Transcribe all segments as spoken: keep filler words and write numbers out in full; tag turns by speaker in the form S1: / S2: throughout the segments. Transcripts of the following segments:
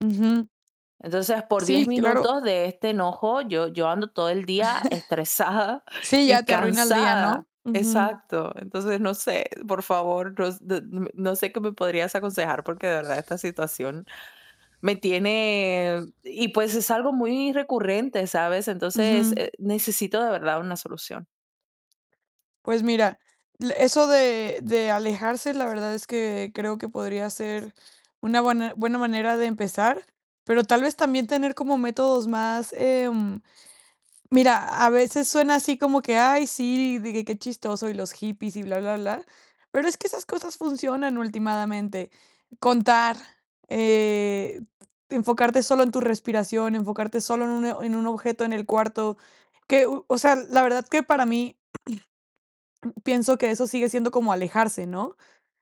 S1: Ujú.
S2: Entonces, por diez
S1: Sí, claro.
S2: minutos de este enojo, yo yo ando todo el día estresada
S1: Sí, ya
S2: y
S1: te arruina el día,
S2: cansada
S1: ¿no?, ujú.
S2: exacto, entonces, no sé, por favor, ros d no sé qué me podrías aconsejar, porque de verdad esta situación me tiene y, pues, es algo muy recurrente, ¿sabes?, entonces,
S1: Ujú.
S2: eh, necesito de verdad una solución.
S1: Pues, mira, l eso de de alejarse la verdad es que creo que podría ser una buena buena manera de empezar, pero tal vez también tener como métodos más, em, mira, a veces suena así como que: "Ay, sí, de que qué chistoso y los hippies y bla, bla, bla", pero es que esas cosas funcionan ultimadamente. Contar, eh, enfocarte solo en tu respiración, enfocarte solo en un o en un objeto en el cuarto, que, u o sea, la verdad que para mí pienso que eso sigue siendo como alejarse, ¿no?,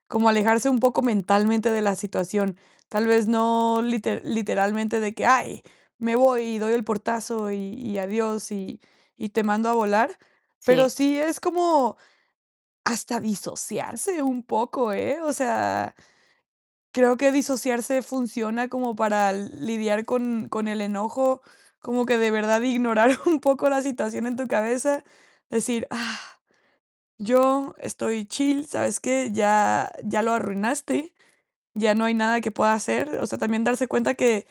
S1: como alejarse un poco mentalmente de la situación, tal vez no lite literalmente de que: "Ay, me voy y doy el portazo y y adiós y y te mando a volar", pero
S2: Sí.
S1: sí es como hasta disociarse un poco, ¿eh?, o sea, creo que disociarse funciona como para lidiar con con el enojo, como que de verdad ignorar un poco la situación en tu cabeza, decir: "Ah, yo estoy chill, ¿sabes qué?, ya ya lo arruinaste, ya no hay nada que pueda hacer". O sea, también darse cuenta que.